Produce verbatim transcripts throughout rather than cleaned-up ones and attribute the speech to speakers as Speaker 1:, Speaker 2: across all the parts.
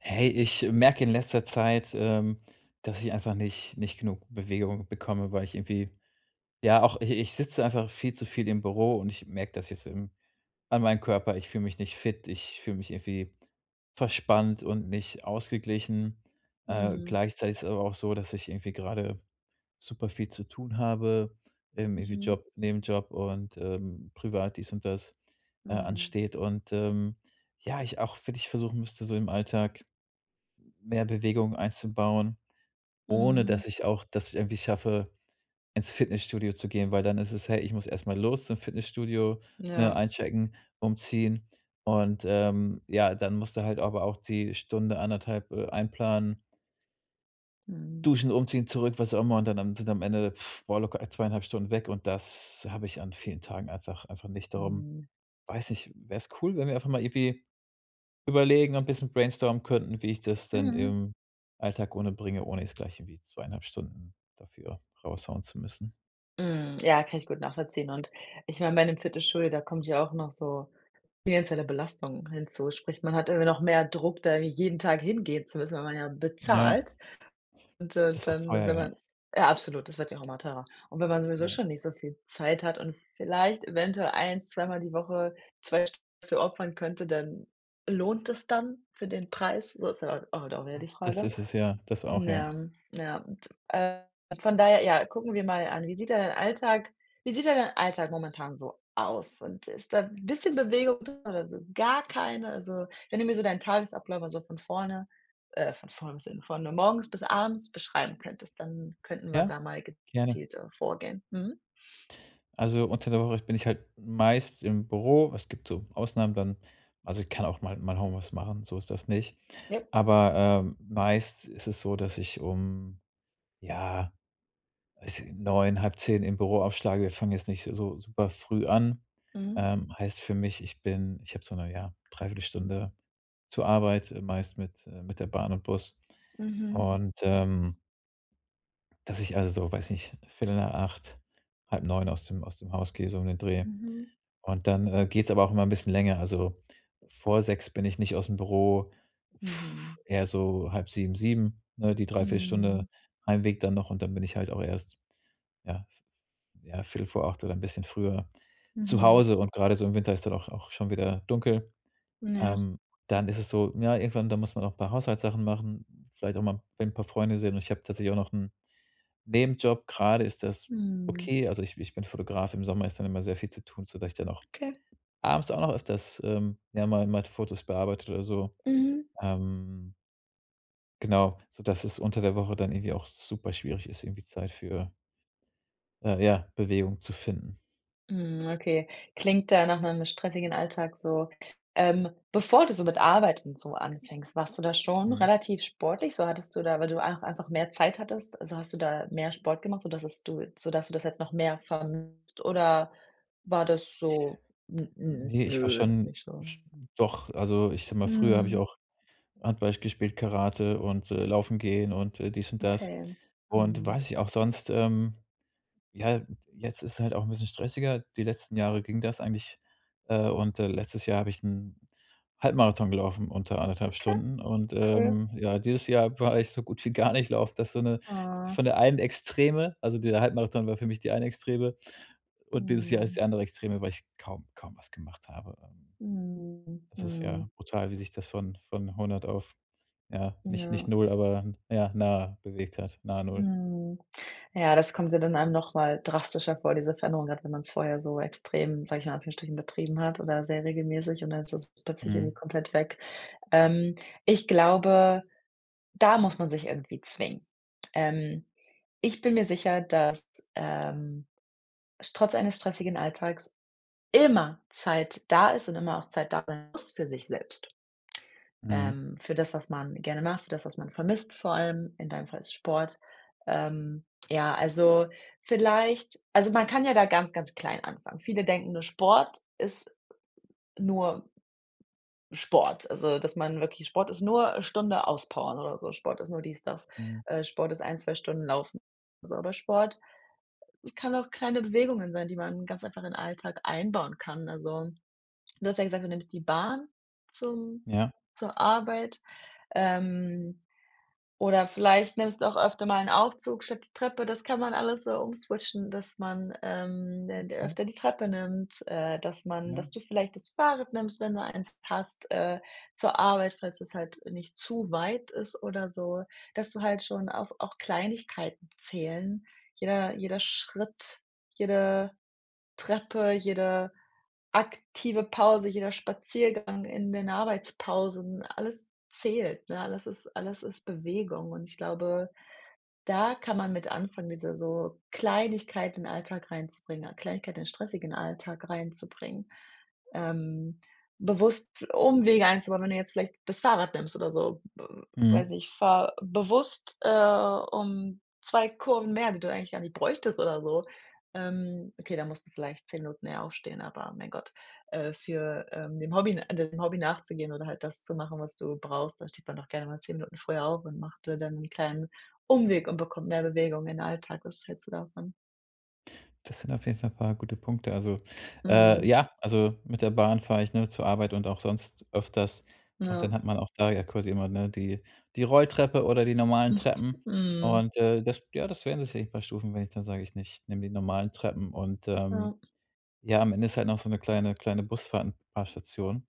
Speaker 1: Hey, ich merke in letzter Zeit, ähm, dass ich einfach nicht nicht genug Bewegung bekomme, weil ich irgendwie, ja, auch, i ich sitze einfach viel zu viel im Büro und ich merke das jetzt im an meinem Körper. Ich fühle mich nicht fit, ich fühle mich irgendwie verspannt und nicht ausgeglichen. Äh,
Speaker 2: Mhm.
Speaker 1: gleichzeitig ist es aber auch so, dass ich irgendwie gerade super viel zu tun habe, im irgendwie
Speaker 2: Mhm.
Speaker 1: Job, Nebenjob und, ähm, privat dies und das, äh,
Speaker 2: Mhm.
Speaker 1: ansteht. Und, ähm, ja, ich auch wirklich versuchen müsste, so im Alltag mehr Bewegung einzubauen, ohne
Speaker 2: Mhm.
Speaker 1: dass ich auch, dass ich es irgendwie schaffe, ins Fitnessstudio zu gehen, weil dann ist es: „Hey, ich muss erst mal los zum Fitnessstudio, ne?
Speaker 2: Ja.
Speaker 1: Einchecken, umziehen, und, ähm, ja, dann musst du halt aber auch die Stunde anderthalb, äh, einplanen“
Speaker 2: Mhm.
Speaker 1: Duschen, umziehen, zurück, was auch immer, und dann am sind am Ende, boah, locker ei zweieinhalb Stunden weg und das hab ich an vielen Tagen einfach einfach nicht. Darum,
Speaker 2: Mhm.
Speaker 1: weiß nicht, wäre es cool, wenn wir einfach mal irgendwie überlegen und bisschen brainstormen könnten, wie ich das denn
Speaker 2: Mhm.
Speaker 1: im Alltag unterbringe, ohne es gleich irgendwie zweieinhalb Stunden dafür raushauen zu müssen.
Speaker 2: Hm. Ja, kann ich gut nachvollziehen und ich meine, bei 'nem Fitnessstudio, da kommt ja auch noch so finanzielle Belastung hinzu, sprich, man hat immer noch mehr Druck, da irgendwie jeden Tag hingehen zu müssen, weil man ja
Speaker 1: Ja.
Speaker 2: bezahlt und, äh,
Speaker 1: Das ist auch
Speaker 2: dann,
Speaker 1: teuer,
Speaker 2: wenn
Speaker 1: ja.
Speaker 2: man Ja, absolut, das wird ja auch immer teurer. Und wenn man sowieso
Speaker 1: Ja.
Speaker 2: schon nicht so viel Zeit hat und vielleicht eventuell ein, zwei Mal die Woche zwei Stunden dafür opfern könnte, dann lohnt es das dann für den Preis? So ist ja auch auch wieder die
Speaker 1: [unintelligible] Das
Speaker 2: Frage.
Speaker 1: ist es ja, das auch,
Speaker 2: Na
Speaker 1: ja.
Speaker 2: ja, ja, und, äh, von daher ja, gucken wir mal an, wie sieht denn dein Alltag wie sieht denn dein Alltag momentan so aus? Und ist da 'n bisschen Bewegung drin oder so gar keine? Also wenn du mir so deinen Tagesablauf so von vorne äh, von vorne [unintelligible] von morgens bis abends beschreiben könntest, dann könnten wir
Speaker 1: Ja,
Speaker 2: da mal
Speaker 1: gerne.
Speaker 2: gezielter vorgehen, mhm.
Speaker 1: Also unter der Woche bin ich halt meist im Büro. Es gibt so Ausnahmen dann, also ich kann auch mal mal Homeoffice machen, so ist das nicht.
Speaker 2: [unintelligible]
Speaker 1: Aber, ähm, meist ist es so, dass ich um ja, also, neun, halb zehn im Büro aufschlage. Wir fangen jetzt nicht so super früh an.
Speaker 2: Mhm.
Speaker 1: Ähm, heißt für mich, ich bin ich habe so 'ne, ja, Dreiviertelstunde zur Arbeit, äh, meist mit äh mit der Bahn und Bus
Speaker 2: Mhm.
Speaker 1: und, ähm dass ich also, weiß nicht, viertel nach acht, halb neun aus dem aus dem Haus gehe, so um den Dreh.
Speaker 2: Mhm.
Speaker 1: Und dann, äh, geht's aber auch immer 'n bisschen länger. Also, vor sechs bin ich nicht ausm Büro
Speaker 2: Mhm.
Speaker 1: eher so halb sieben, sieben, ne? Die
Speaker 2: Mhm.
Speaker 1: Dreiviertelstunde Heimweg dann noch und dann bin ich halt auch erst, ja ja, viertel vor viertel vor acht oder 'n bisschen früher zu
Speaker 2: Mhm.
Speaker 1: Hause und grade so im Winter ist dann auch auch schon wieder dunkel.
Speaker 2: Hm, ja.
Speaker 1: Ähm, dann ist es so, ja irgendwann, da muss man auch 'n paar Haushaltssachen machen, v vielleicht auch mal 'n paar Freunde sehen und ich habe tatsächlich auch noch 'n Nebenjob. Grade ist das
Speaker 2: Mhm.
Speaker 1: okay, also ich ich bin Fotograf. Im Sommer ist dann immer sehr viel zu tun, sodass ich dann auch
Speaker 2: Okay.
Speaker 1: abends auch noch öfters, ähm, ja, mal mal die Fotos bearbeite oder so.
Speaker 2: Mhm.
Speaker 1: Ähm. Genau, sodass es unter der Woche dann irgendwie auch superschwierig ist, irgendwie Zeit für äh, ja, Bewegung zu finden.
Speaker 2: Mhm, okay, klingt da nach 'nem stressigen Alltag so. Ähm, bevor du so mit Arbeit und so anfängst, warst du da schon
Speaker 1: Mhm.
Speaker 2: relativ sportlich so hattest du da, weil du auch einfach mehr Zeit hattest, also hast du da mehr Sport gemacht, sodass es du sodass du das jetzt noch mehr vermisst, oder war das so, hm,
Speaker 1: Ne, ich war
Speaker 2: nö
Speaker 1: schon
Speaker 2: nicht so?
Speaker 1: sch doch, also ich sage mal, früher hab ich
Speaker 2: Mhm.
Speaker 1: auch Handball gespielt, Karate und, äh, Laufen gehen und, äh, dies und das.
Speaker 2: Okay,
Speaker 1: Und
Speaker 2: mhm.
Speaker 1: weiß nicht, auch sonst ähm, ja, jetzt ist es halt auch 'n bisschen stressiger. Die letzten Jahre ging das eigentlich, äh und, äh, letztes Jahr hab ich 'n Halbmarathon gelaufen unter anderthalb
Speaker 2: Okay,
Speaker 1: Stunden und,
Speaker 2: cool.
Speaker 1: ähm, ja, dieses Jahr war ich so gut wie gar nicht laufen. Das ist so, ne,
Speaker 2: Ah.
Speaker 1: von der einen Extreme also dieser Halbmarathon war für mich die eine Extreme. Und dieses Jahr ist
Speaker 2: Mhm.
Speaker 1: die andere Extreme, weil ich kaum kaum was gemacht habe, ähm.
Speaker 2: Mhm,
Speaker 1: Das ist
Speaker 2: mhm.
Speaker 1: ja brutal, wie sich das von von hundert auf, ja, nicht nicht
Speaker 2: Ja.
Speaker 1: null, aber ja, nah bewegt hat, nahe null.
Speaker 2: Mhm, ja, das kommt ja dann einem noch mal drastischer vor, diese Veränderung, gerade wenn man's vorher so extrem sage ich mal in Anführungsstrichen, betrieben hat, oder sehr regelmäßig und dann ist das plötzlich
Speaker 1: Mhm.
Speaker 2: irgendwie komplett weg. Ähm, ich glaube, da muss man sich irgendwie zwingen. Ähm, ich bin mir sicher, dass, ähm, trotz eines stressigen Alltags immer Zeit da ist und immer auch Zeit da sein muss für sich selbst.
Speaker 1: Mhm.
Speaker 2: Ähm, für das, was man gerne macht, für das, was man vermisst vor allem, in deinem Fall ist es Sport. Ähm, ja, also vielleicht also man kann ja da ganz ganz klein anfangen. Viele denken nur Sport ist nur Sport. Also, dass man wirklich Sport ist nur 'ne Stunde auspowern oder so. Sport ist nur dies das,
Speaker 1: Mhm.
Speaker 2: äh, Sport ist ein, zwei Stunden laufen. So aber Sport kann auch kleine Bewegungen sein, die man ganz einfach in Alltag einbauen kann. Also, du hast ja gesagt, du nimmst die Bahn zum
Speaker 1: Ja.
Speaker 2: zur Arbeit, ähm, oder vielleicht nimmst du auch öfter mal 'n Aufzug statt die Treppe. Das kann man alles so umswitchen, dass man, ähm, d
Speaker 1: Okay.
Speaker 2: öfter die Treppe nimmt, äh, dass man
Speaker 1: Ja.
Speaker 2: dass du vielleicht das Fahrrad nimmst, wenn du eins hast, äh, zur Arbeit, falls das halt nicht zu weit ist, oder so, dass du halt schon aus auch Kleinigkeiten zählen. Jeder jeder Schritt, jede Treppe, jede aktive Pause, jeder Spaziergang in den Arbeitspausen, alles zählt, ne? Alles ist alles ist Bewegung. Und ich glaube, da kann man mit anfangen, diese so Kleinigkeiten in Alltag reinzubringen, Kleinigkeit in den stressigen Alltag reinzubringen, ähm, bewusst Umwege einzubauen, wenn du jetzt vielleicht das Fahrrad nimmst oder so. weiß
Speaker 1: Mhm.
Speaker 2: nicht, fahr bewusst, äh, um zwei Kurven mehr, die du eigentlich gar nicht bräuchtest, oder so. Ähm, okay, da musst du vielleicht zehn Minuten eher aufstehen, aber mein Gott, äh, für, äh, dem Hobby dem Hobby nachzugehen oder halt das zu machen, was du brauchst, da steht man doch gerne mal zehn Minuten früher auf und macht, äh, dann 'n kleinen Umweg und bekommt mehr Bewegung in den Alltag. Was hältst du davon?
Speaker 1: Das sind auf jeden Fall paar gute Punkte. Also, äh,
Speaker 2: Mhm.
Speaker 1: ja, also, mit der Bahn fahre ich nur zur Arbeit und auch sonst öfters. Und
Speaker 2: Ja.
Speaker 1: dann hat man auch da ja quasi immer, ne, die die Rolltreppe oder die normalen Treppen.
Speaker 2: Mhm.
Speaker 1: Und, äh, das ja, das werden sicherlich bei Stufen, wenn ich dann sage ich nicht: „Nimm die normalen Treppen“. Und, ähm,
Speaker 2: Ja.
Speaker 1: ja, am Ende ist halt noch so 'ne kleine kleine Busfahrt 'n paar Stationen.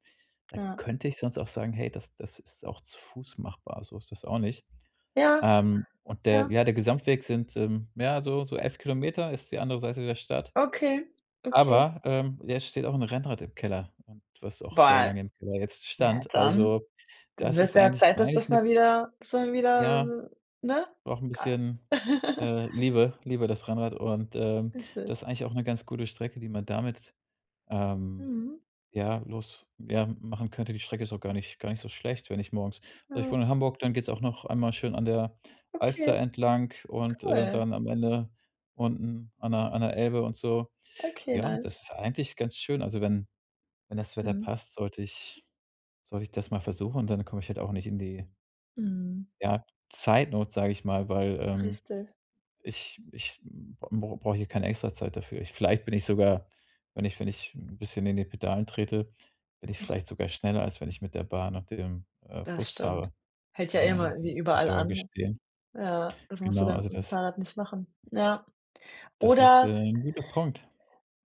Speaker 1: Da
Speaker 2: Ja.
Speaker 1: könnte ich sonst auch sagen: „Hey, das das ist auch zu Fuß machbar, so ist das auch nicht."
Speaker 2: Ja,
Speaker 1: Ähm, und der,
Speaker 2: ja.
Speaker 1: ja, der Gesamtweg sind, ähm, ja so so elf Kilometer ist die andere Seite der Stadt.
Speaker 2: Okay, okay.
Speaker 1: Aber, ähm, jetzt steht auch 'n Rennrad im Keller und was auch sehr
Speaker 2: Boah,
Speaker 1: lange im Keller jetzt
Speaker 2: na ja
Speaker 1: stand.
Speaker 2: dann,
Speaker 1: Also,
Speaker 2: dann
Speaker 1: das
Speaker 2: wird's
Speaker 1: ist
Speaker 2: ja
Speaker 1: eigentlich
Speaker 2: Zeit, dass
Speaker 1: eigentlich
Speaker 2: das
Speaker 1: 'ne
Speaker 2: mal wieder schon wieder,
Speaker 1: ja,
Speaker 2: ne? [unintelligible]
Speaker 1: braucht 'n bisschen, äh, Liebe Liebe das Rennrad und, ähm,
Speaker 2: Richtig.
Speaker 1: das ist eigentlich auch 'ne ganz gute Strecke, die man damit, ähm,
Speaker 2: Mhm.
Speaker 1: ja, los f ja, machen könnte. Die Strecke ist auch gar nicht gar nicht so schlecht, wenn ich morgens also, ich
Speaker 2: Ja.
Speaker 1: wohne in Hamburg, dann geht's auch noch einmal schön an der
Speaker 2: Okay,
Speaker 1: Alster entlang und, äh,
Speaker 2: cool.
Speaker 1: dann am Ende unten an der an der Elbe und so.
Speaker 2: Okay
Speaker 1: Ja, das
Speaker 2: nice.
Speaker 1: ist eigentlich ganz schön. Also, wenn wenn das Wetter
Speaker 2: Mhm.
Speaker 1: passt, sollte ich sollte ich das mal versuchen, dann komme ich halt auch nicht in die
Speaker 2: Mhm.
Speaker 1: ja, Zeitnot, sage ich mal, weil, ähm,
Speaker 2: Richtig.
Speaker 1: ich ich b b brauche hier keine Extrazeit dafür. Ich vielleicht bin ich sogar, wenn ich wenn ich 'n bisschen in den Pedalen trete, bin ich vielleicht sogar schneller, als wenn ich mit der Bahn und dem, äh,
Speaker 2: Das
Speaker 1: Bus
Speaker 2: stimmt.
Speaker 1: fahre.
Speaker 2: Hält ja eh immer
Speaker 1: Ähm, muss
Speaker 2: irgendwie
Speaker 1: ich
Speaker 2: überall
Speaker 1: sogar
Speaker 2: an.
Speaker 1: gestehen.
Speaker 2: Ja, das musst du
Speaker 1: Genau,
Speaker 2: dann
Speaker 1: also
Speaker 2: im
Speaker 1: das
Speaker 2: Fahrrad nicht machen. Ja,
Speaker 1: das ist, äh,
Speaker 2: oder
Speaker 1: 'n guter Punkt.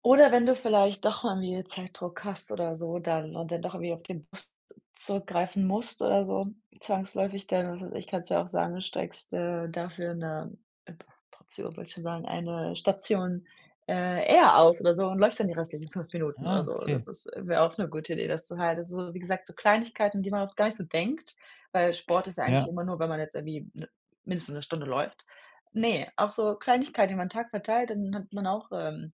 Speaker 2: oder wenn du vielleicht doch mal wieder Zeitdruck hast oder so, dann und dann doch irgendwie auf den Bus zurückgreifen musst oder so zwangsläufig dann, was weiß ich kannst ja auch sagen, steigst, äh, dafür 'ne P Portion wollte ich schon sagen, eine Station, äh, eher aus oder so und läufst dann die restlichen fünf Minuten oder
Speaker 1: Ah
Speaker 2: so. Das
Speaker 1: okay.
Speaker 2: ist äh, wäre auch 'ne gute Idee, das du halt also, wie gesagt, so Kleinigkeiten, an die man oft gar nicht so denkt, weil Sport ist ja eigentlich
Speaker 1: Ja.
Speaker 2: immer nur, weil man jetzt irgendwie m mindestens 'ne Stunde läuft. Ne, auch so Kleinigkeiten, über 'n Tag verteilt, dann hat man auch, ähm,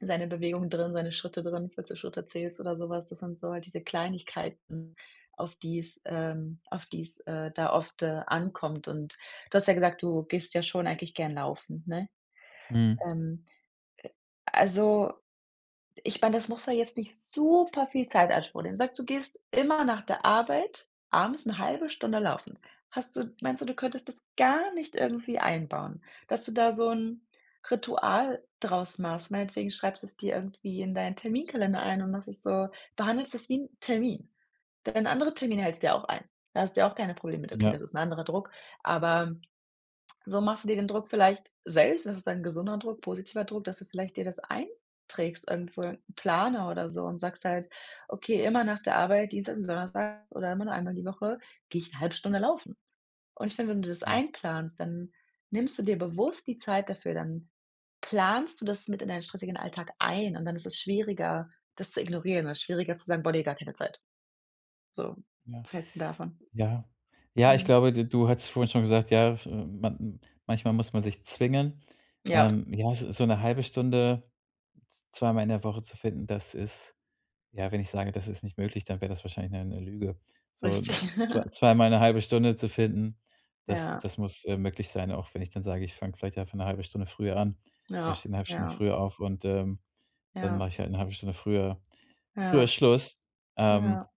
Speaker 2: seine Bewegungen drin, seine Schritte drin, falls du Schritte zählst oder so was. Das sind so halt diese Kleinigkeiten, auf die es, ähm auf die es, äh, da oft, äh, ankommt. Und du hast ja gesagt: „Du gehst ja schon eigentlich gerne laufen“, ne?
Speaker 1: Mhm.
Speaker 2: Ähm, also, ich meine, das muss da jetzt nicht super viel Zeit in Anspruch nehmen. Sage du gehst immer nach der Arbeit abends 'ne halbe Stunde laufen. Hast du meinst du, du könntest das gar nicht irgendwie einbauen, dass du da so 'n Ritual draus machst? Meinetwegen schreibst es dir irgendwie in deinen Terminkalender ein und machst es so du behandelst das wie 'n Termin. Deine anderen Termine hältst ja auch ein. Da hast ja auch keine Probleme mit, okay,
Speaker 1: Ja.
Speaker 2: das ist 'n anderer Druck, aber so machst du dir den Druck vielleicht selbst und das ist ein gesunder Druck, positiver Druck, dass du vielleicht dir das einträgst irgendwo 'n Planer oder so und sagst halt: „Okay, immer nach der Arbeit, Dienstags und Donnerstags oder immer nur einmal die Woche, gehe ich 'ne halbe Stunde laufen“. Und ich finde, wenn du das
Speaker 1: Hm.
Speaker 2: einplanst, dann nimmst du dir bewusst die Zeit dafür, dann planst du das mit in deinen stressigen Alltag ein und dann ist es schwieriger, das zu ignorieren oder schwieriger zu sagen: „Boah ne, gar keine Zeit." So,
Speaker 1: Ja,
Speaker 2: was hältst 'n davon?
Speaker 1: ja. Ja ich
Speaker 2: Mhm.
Speaker 1: glaube, du du hattest vorhin schon gesagt: „Ja, f man manchmal muss man sich zwingen."
Speaker 2: Ja.
Speaker 1: Ähm, ja, so so 'ne halbe Stunde z zweimal in der Woche zu finden, das ist ja, wenn ich sage, das ist nicht möglich, dann wär das wahrscheinlich 'ne 'ne Lüge. So
Speaker 2: Richtig.
Speaker 1: zwei zweimal 'ne halbe Stunde zu finden, das
Speaker 2: Ja.
Speaker 1: das muss, äh, möglich sein, auch wenn ich dann sage: „Ich fange vielleicht einfach 'ne halbe Stunde früher an, äh,
Speaker 2: Ja.
Speaker 1: stehe 'ne halbe Stunde
Speaker 2: Ja.
Speaker 1: früher auf und, ähm, dann
Speaker 2: Ja.
Speaker 1: mache ich halt 'ne halbe Stunde früher früher
Speaker 2: Ja.
Speaker 1: Schluss“. Ähm,
Speaker 2: Ja.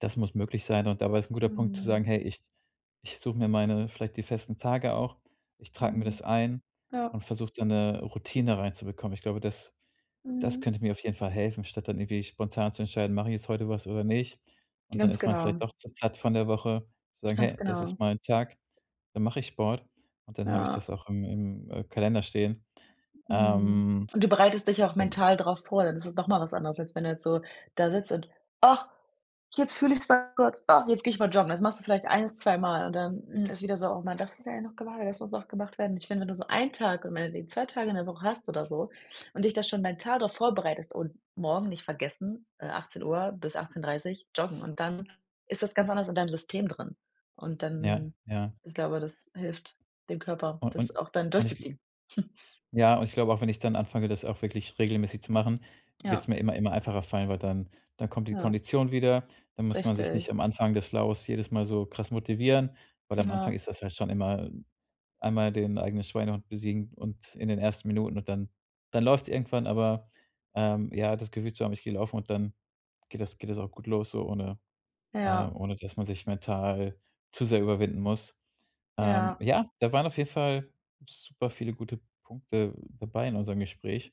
Speaker 1: das muss möglich sein. Und dabei ist 'n guter Punkt zu
Speaker 2: Mhm.
Speaker 1: sagen: „Hey, ich ich suche mir meine vielleicht die festen Tage auch. Ich trage mir
Speaker 2: Mhm.
Speaker 1: das ein
Speaker 2: Ja.
Speaker 1: und versuche da 'ne Routine reinzubekommen." Ich glaube, das das
Speaker 2: Mhm.
Speaker 1: könnte mir auf jeden Fall helfen, statt dann irgendwie spontan zu entscheiden, mache ich jetzt heute was oder nicht? Und dann
Speaker 2: Ganz
Speaker 1: ist man vielleicht
Speaker 2: genau.
Speaker 1: auch zu platt von der Woche zu sagen:
Speaker 2: Ganz
Speaker 1: „Hey, das ist
Speaker 2: genau.
Speaker 1: mein Tag, da mache ich Sport." Und dann habe ich
Speaker 2: Ja.
Speaker 1: das auch im im, äh, Kalender stehen.
Speaker 2: Mhm,
Speaker 1: Ähm.
Speaker 2: und du bereitest dich auch
Speaker 1: [unintelligible]
Speaker 2: mental drauf vor, dann es ist noch mal was anderes, als wenn du jetzt so da sitzt und: „Ach, jetzt fühle ich's bei Gott. Ach, jetzt gehe ich mal joggen." Das machst du vielleicht eins, zwei Mal und dann ist wieder so: „Ach man, das ist ja noch gewa das muss auch gemacht werden. Ich finde, nur so einen Tag und meinetwegen zwei Tage in der Woche hast oder so und dich da schon mal 'n Tag drauf vorbereitest und morgen nicht vergessen, äh, achtzehn Uhr bis achtzehn dreißig joggen und dann ist das ganz anders in deinem System drin. Und
Speaker 1: Ja
Speaker 2: dann,
Speaker 1: ja.
Speaker 2: ich glaube, das hilft dem Körper,
Speaker 1: U und
Speaker 2: das auch dann
Speaker 1: und ich gl
Speaker 2: durchzuziehen.
Speaker 1: ja und ich glaube auch, wenn ich dann anfange, das auch wirklich regelmäßig zu machen,
Speaker 2: Ja.
Speaker 1: wird's mir immer immer einfacher fallen, weil dann dann kommt die
Speaker 2: Ja.
Speaker 1: Kondition wieder. Dann muss man sich
Speaker 2: Richtig.
Speaker 1: nicht am Anfang des Flows jedes Mal so krass motivieren, weil am Anfang
Speaker 2: Ja.
Speaker 1: ist das halt schon immer einmal den eigenen Schweinehund besiegen und in den ersten Minuten und dann dann läuft's irgendwann. Aber, ähm, ja, das Gefühl zu haben, ich gehe laufen und dann geht das geht das auch gut los so, ohne,
Speaker 2: Ja.
Speaker 1: ähm ohne dass man sich mental zu sehr überwinden muss. Ähm,
Speaker 2: Ja.
Speaker 1: ja, da waren auf jeden Fall super viele gute Punkte dabei in unserem Gespräch.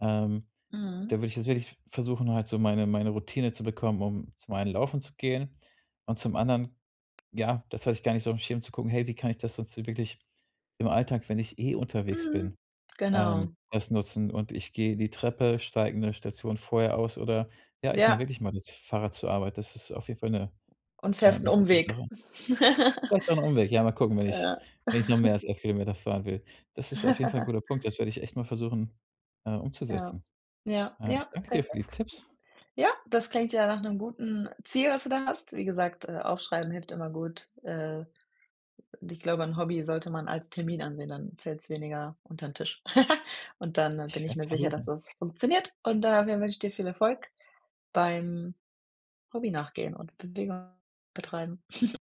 Speaker 1: Ähm, da
Speaker 2: Mhm.
Speaker 1: würde ich jetzt wirklich versuchen, halt so meine meine Routine zu bekommen, um zum einen Laufen zu gehen. Und zum anderen, ja, das weiß ich gar nicht so im Schirm zu gucken: „Hey, wie kann ich das dazu wirklich im Alltag, wenn ich eh unterwegs
Speaker 2: Mhm,
Speaker 1: bin, ähm,
Speaker 2: genau.
Speaker 1: das nutzen." Und ich gehe die Treppe, steige 'ne Station vorher aus oder ja, ich nehme
Speaker 2: Ja.
Speaker 1: wirklich mal das Fahrrad zur Arbeit. Das ist auf jeden Fall 'ne
Speaker 2: Und fährst 'n
Speaker 1: eine gute
Speaker 2: Umweg.
Speaker 1: Sache. Vielleicht auch 'n Umweg. Ja, mal gucken, wenn ich
Speaker 2: Ja.
Speaker 1: wenn ich noch mehr als elf Kilometer fahren will. Das ist auf jeden Fall 'n guter Punkt. Das werde ich echt mal versuchen, äh,
Speaker 2: Ja,
Speaker 1: umzusetzen.
Speaker 2: ja,
Speaker 1: Äh, ich
Speaker 2: ja
Speaker 1: danke dir für die
Speaker 2: perfekt.
Speaker 1: Tipps.
Speaker 2: Ja, das klingt ja nach 'nem guten Ziel, was du da hast. Wie gesagt, äh, aufschreiben hilft immer gut. Äh, und ich glaube, 'n Hobby sollte man als Termin ansehen, dann fällt's weniger unterm Tisch. Und dann bin
Speaker 1: Ich
Speaker 2: ich
Speaker 1: werde es
Speaker 2: mir sicher, dass
Speaker 1: versuchen.
Speaker 2: das funktioniert. Und da w wünsche ich dir viel Erfolg beim Hobby nachgehen und Bewegung betreiben.